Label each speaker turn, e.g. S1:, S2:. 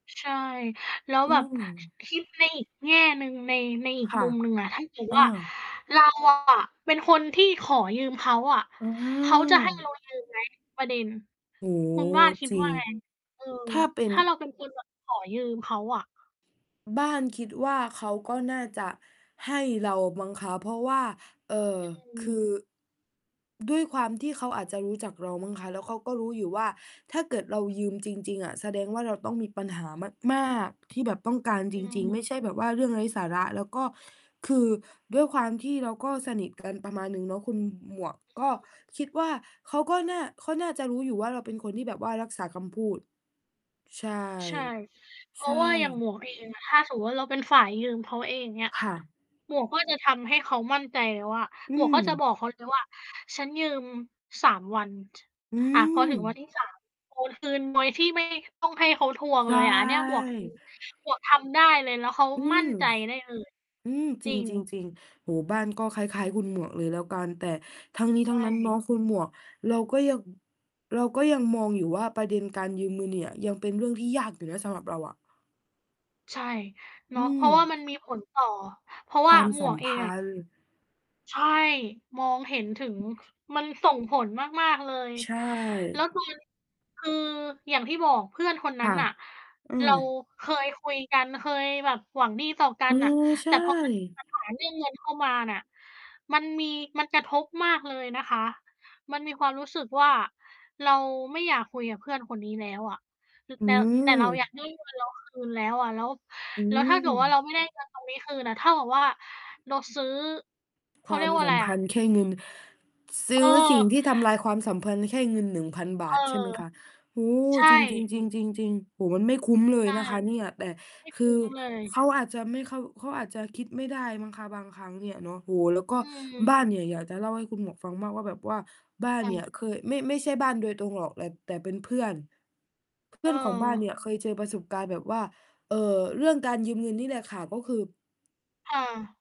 S1: ช ใช่ แล้ว
S2: อื
S1: แบบ ค
S2: ม
S1: คิดในอีกแง่หนึ่ง ใน ในอี
S2: ค
S1: ก
S2: ่ะ
S1: มุมหนึ่งอะ ถ้าเกิด
S2: อื
S1: ว่า
S2: ม
S1: เราอะ เป็นคนที่ขอยืมเขาอะ
S2: อือฮ
S1: เขาจะ ให้เ
S2: ึ
S1: รายืมไหม ประเด็น
S2: โอ้โ
S1: คุณบ
S2: ฮ
S1: ้านคิด
S2: จริ
S1: ว่
S2: ง
S1: าไง? เออ
S2: ถ้าเป็น
S1: ถ้าเราเป็นคน แบบ ขอยืมเขาอะ
S2: บ้าน คิดว่าเขาก็น่าจะให้เรามั้งคะ เพราะว่า เอ่อ
S1: อื
S2: ค
S1: ม
S2: ือด้วยความที่เขาอาจจะรู้จักเรามั้งคะ แล้วเค้าก็รู้อยู่ว่า ถ้าเกิดเรายืมจริง ๆ อะ แสดงว่าเราต้องมีปัญหามาก ๆ ที่แบบต้องการ
S1: อ
S2: จริง
S1: ืม
S2: ๆ ไม่ใช่แบบว่าเรื่องไร้สาระ แล้วก็คือด้วยความที่เราก็สนิท กัน ประมาณหนึ่งเนาะคุณหมวก ก็คิดว่าเขาก็น่า ก็น่าจะรู้อยู่ว่า เราเป็นคนที่แบบว่ารักษาคำพูด ใช่
S1: ใช่ เพ
S2: ใช
S1: รา
S2: ่
S1: ะว่าอย่างหมวกเองอะ ถ้าสมมุติว่าเราเป็นฝ่ายยืมเขาเอง อย่างเงี้ย
S2: ค่ะ
S1: หมวกก็จะทำให้เขามั่นใจแล้วว่า
S2: อื
S1: หมวกก็จะ
S2: ม
S1: บอกเขาเลยว่า ฉันยืม 3 วัน
S2: อื
S1: อา พอถึงวัน
S2: ม
S1: ที่ 3 โอนคืนโดยที่ ไม่ ต้องให้เขาทวง
S2: ใช
S1: เ
S2: ่
S1: ลยอะ อันเนี้ยหมวก อืม หมวกทำได้เลย แล้วเขา
S2: อื
S1: ม
S2: ม
S1: ั่นใจได้เลย
S2: อืม จ
S1: จ
S2: ร
S1: ริง
S2: ิง ๆ ๆ โอ้โฮ บ้านก็คล้าย ๆ คุณหมวกเลยแล้วกัน แต่ทั้งนี้
S1: ใ
S2: ท
S1: ช
S2: ั้งนั้นเนาะ
S1: ่
S2: คุณหมวก เราก็ยัง เราก็ยังมองอยู่ว่า ประเด็นการยืมเงินเนี่ย ยังเป็นเรื่องที่ยากอยู่นะสำหรับเราอะ
S1: ใช่ เ
S2: อ
S1: น
S2: ื
S1: าะ เพราะว่า
S2: ม
S1: มันมีผลต่อ เพราะว
S2: ค
S1: ่
S2: ว
S1: า
S2: าม
S1: หม
S2: สั
S1: ว
S2: ม
S1: กเอ
S2: พ
S1: งอะ
S2: ันธ์
S1: ใช่ มองเห็นถึง มันส่งผลมาก ๆ เลย
S2: ใช
S1: แล้
S2: ่
S1: ว ตอน คืออย่างที่บอกเพื่อนคน
S2: ค
S1: นั้
S2: ่ะ
S1: นน่ะ
S2: อื
S1: เ
S2: ม
S1: ราเคยคุยกัน เคยแบบหวังดีต่อกั
S2: เออ
S1: นน่ะ
S2: ใช
S1: แต่ พอมันมี
S2: ่
S1: ปัญหาเรื่อง เงินเข้ามาน่ะ มันมี มันกระทบมากเลยนะคะ มันมีความรู้สึกว่า เราไม่อยากคุยกับเพื่อนคนนี้แล้วอะ ต
S2: อื
S1: แต่ แต่เรา อยา
S2: ม
S1: กได้เงินเราคืน แล้วอะ แล้ว
S2: อื
S1: แล้วถ้าเกิดว่าเรา
S2: ม
S1: ไม่ได้ เงินตรงนี้คืนอะ เท่ากับว่าเราซื้อ เข
S2: ค
S1: า
S2: ว
S1: เ
S2: า
S1: รี
S2: ม
S1: ยกว่า
S2: ส
S1: อะ
S2: ั
S1: ไ
S2: ม
S1: ร
S2: พ
S1: อะ
S2: ันธ์แค
S1: นี่
S2: ่
S1: ไง
S2: เงิน ซื้อสิ่ง
S1: เออ
S2: ที่ทำลายความสัมพันธ์แค่เงิน 1,000 บ
S1: เอ
S2: า
S1: อ
S2: ท ใช่ไหมคะ โอ้โฮ
S1: ใช
S2: จริ
S1: ่
S2: ง ๆ ๆ ๆ ๆ โอ้โฮ มันไม่คุ้มเล
S1: ใช
S2: ย
S1: ่
S2: นะคะเนี่ย แต่
S1: ไม่
S2: ค
S1: ค
S2: ื
S1: ุ้
S2: อ
S1: ม เลย
S2: เขาอาจจะไม่เข้า เขาอาจจะคิดไม่ได้มั้งคะบางครั้งเนี่ยเนาะ โอ้โฮ แล้วก็
S1: อื
S2: บ
S1: ม
S2: ้านเนี่ยอยากจะเล่าให้คุณหมวกฟังมากว่าแบบว่า บ้าน
S1: ค่
S2: เนี่
S1: ะ
S2: ยเคย ไม่ ไม่ใช่บ้านโดยตรงหรอก แต่ แต่เป็นเพื่อน เพ
S1: เ
S2: ื่อนของบ้านเนี่
S1: ออ
S2: ยเคยเจอประสบการณ์แบบว่า เอ่อ เรื่องการยืมเงินนี่แหละค่ะ ก็คือ
S1: ค่ะ